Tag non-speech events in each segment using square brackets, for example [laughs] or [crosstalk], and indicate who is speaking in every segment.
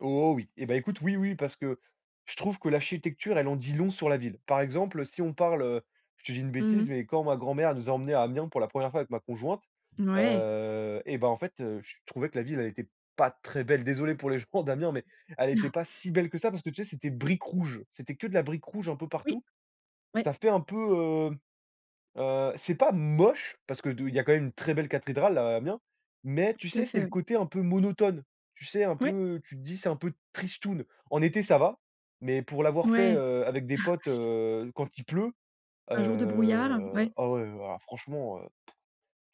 Speaker 1: Oh, oui. Eh ben, écoute, oui, oui, parce que je trouve que l'architecture, elle en dit long sur la ville. Par exemple, si on parle, heu, je te dis une
Speaker 2: Mmh
Speaker 1: bêtise,
Speaker 2: mh.
Speaker 1: mais quand ma grand-mère nous a emmenés à Amiens pour la 1re fois avec ma conjointe,
Speaker 2: Mouais.
Speaker 1: heu et ben, en fait, heu, je trouvais que la ville, elle était pas très belle. Désolé pour les gens d'Amiens, mais elle était
Speaker 2: [chuckles]
Speaker 1: pas si belle que ça, parce que, tu sais, c'était briques rouges, c'était que de la brique rouge un peu
Speaker 2: Oui.
Speaker 1: partout.
Speaker 2: Ouais
Speaker 1: Ça fait un peu, heu heu, c'est pas moche, parce que de il y a quand même une très belle cathédrale à Amiens, mais tu
Speaker 2: Tout à
Speaker 1: sais, c'est
Speaker 2: fait,
Speaker 1: le
Speaker 2: oui.
Speaker 1: côté un peu monotone. Tu sais, un
Speaker 2: Ouais.
Speaker 1: peu, tu te dis: «C'est un peu tristoune». En été, ça va, mais pour l'avoir fait,
Speaker 2: Ouais.
Speaker 1: heu, avec des
Speaker 2: [chuckles]
Speaker 1: potes, heu, quand il pleut,
Speaker 2: Un jour de brouillard,
Speaker 1: heu,
Speaker 2: ouais?
Speaker 1: ah, ouais, alors, franchement, heu, p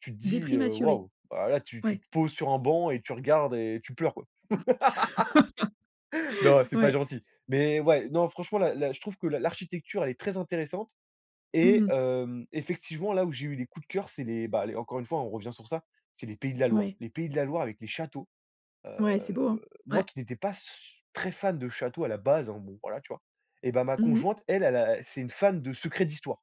Speaker 1: tu te dis:
Speaker 2: Déprime
Speaker 1: «Heu,
Speaker 2: assurée?
Speaker 1: waouh!» Heu, ah, là, tu tu
Speaker 2: Ouais.
Speaker 1: te poses sur un banc et tu regardes et tu pleures, quoi.
Speaker 2: [laughs]
Speaker 1: [laughs] Non, c'est pas
Speaker 2: Ouais.
Speaker 1: gentil. Mais ouais, non, franchement, la la je trouve que l'a l'architecture, elle est très intéressante
Speaker 2: Mmh
Speaker 1: et
Speaker 2: mh.
Speaker 1: hem, effectivement, là où j'ai eu des coups de cœur, c'est les bah, les encore une fois, on revient sur ça, c'est les Pays de la Loire.
Speaker 2: Ouais.
Speaker 1: Les Pays de la Loire avec les châteaux.
Speaker 2: Ouais,
Speaker 1: Heu,
Speaker 2: c'est beau, hein?
Speaker 1: moi,
Speaker 2: Ouais.
Speaker 1: qui n'étais pas su très fan de châteaux, à la base, alors, bon, voilà, tu vois? Eh ben, ma
Speaker 2: Mmh mh.
Speaker 1: conjointe, elle, elle a c'est une fan de secrets d'histoire.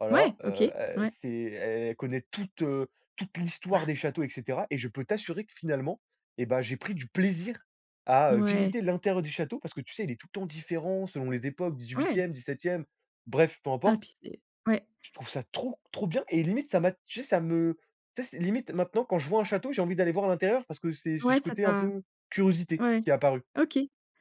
Speaker 1: Voilà,
Speaker 2: Ouais, OK,
Speaker 1: heu et
Speaker 2: ouais.
Speaker 1: c'est el elle connaît toute, heu, toute l'histoire
Speaker 2: [chuckles]
Speaker 1: des châteaux et cetera et je peux t'assurer que, finalement et ben, j'ai pris du plaisir à, heu,
Speaker 2: Ouais.
Speaker 1: visiter l'intérieur des châteaux parce que, tu sais, il est tout le temps différent, selon les époques
Speaker 2: Ouais.
Speaker 1: 18e, 17e. Bref, peu
Speaker 2: Hein,
Speaker 1: importe
Speaker 2: puis c'est Ouais.
Speaker 1: je trouve ça trop, trop bien et limite, ça m'a, tu sais, ça me, tu sais, limite, maintenant quand je vois un château, j'ai envie d'aller voir à l'intérieur parce que c'est j
Speaker 2: Ouais,
Speaker 1: ce
Speaker 2: ça
Speaker 1: côté un
Speaker 2: t'a
Speaker 1: peu curiosité
Speaker 2: ouais
Speaker 1: qui est apparu.
Speaker 2: OK.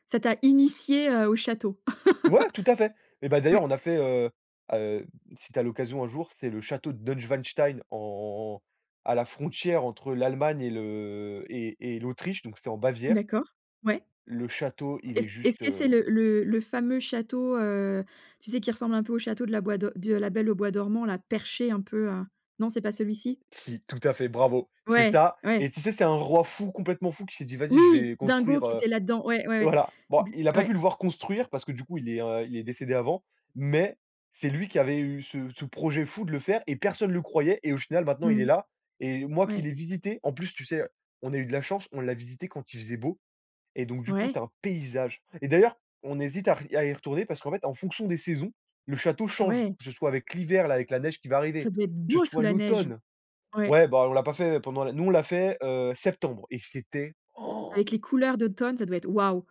Speaker 2: Ça t'a initié, heu, au château?
Speaker 1: Ouais, tout à fait. Eh
Speaker 2: [laughs]
Speaker 1: ben, d'ailleurs
Speaker 2: Ouais.
Speaker 1: on a fait, heu heu, si tu as l'occasion un jour, c'est le château de Neuschwanstein, en en en à la frontière entre l'Allemagne et le et et l'Autriche, donc c'était en Bavière
Speaker 2: D'accord, ouais.
Speaker 1: le château, il est
Speaker 2: Est-ce est ce
Speaker 1: juste,
Speaker 2: que
Speaker 1: heu
Speaker 2: c'est le le le fameux château, heu, tu sais, qui ressemble un peu au château de la bois do de La Belle au bois dormant, là, perché un peu, heu? Non c'est pas celui-ci?
Speaker 1: Si, tout à fait, bravo, c'est
Speaker 2: Ouais,
Speaker 1: ça
Speaker 2: ouais.
Speaker 1: et tu sais, c'est un roi fou, complètement fou, qui s'est dit: «Vas-y, je
Speaker 2: Oui!
Speaker 1: vais
Speaker 2: Dingo
Speaker 1: construire,
Speaker 2: qui
Speaker 1: heu»,
Speaker 2: était là-dedans, ouais, ouais, ouais.
Speaker 1: voilà. Bon,
Speaker 2: Ex
Speaker 1: il a pas pu
Speaker 2: Ouais.
Speaker 1: le voir construire parce que, du coup, il est r il est décédé avant, mais c'est lui qui avait eu ce ce projet fou de le faire et personne le croyait et au final, maintenant, il
Speaker 2: Mmh
Speaker 1: est
Speaker 2: mh.
Speaker 1: là et moi qui
Speaker 2: Ouais.
Speaker 1: l'ai visité, en plus, tu sais, on a eu de la chance, on l'a visité quand il faisait beau et donc, du coup, tu
Speaker 2: Ouais.
Speaker 1: as un paysage et d'ailleurs, on hésite à r à y retourner parce qu'en fait, en fonction des saisons, le château change,
Speaker 2: Ouais.
Speaker 1: que ce soit avec l'hiver, là, avec la neige qui va
Speaker 2: Ça
Speaker 1: arriver,
Speaker 2: doit être
Speaker 1: que
Speaker 2: beau
Speaker 1: ce
Speaker 2: sous
Speaker 1: soit
Speaker 2: la neige.
Speaker 1: l'automne.
Speaker 2: Ouais.
Speaker 1: Ouais, bah, on l'a pas fait pendant la nous, on l'a fait, heu, septembre et c'était, oh!
Speaker 2: Avec les couleurs d'automne, ça doit être waouh.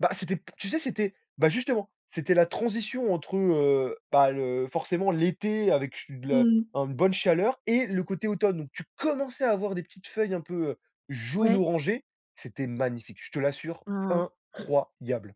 Speaker 1: Bah, c'était p tu sais, c'était bah, justement, c'était la transition entre, heu, bah, le forcément, l'été avec che de la
Speaker 2: Mmh mh.
Speaker 1: un bonne chaleur et le côté automne. Donc tu commençais à avoir des petites feuilles un peu heu
Speaker 2: Ouais.
Speaker 1: jaune-orangé, c'était magnifique, je te l'assure.
Speaker 2: Waouh. Han!
Speaker 1: incroyable.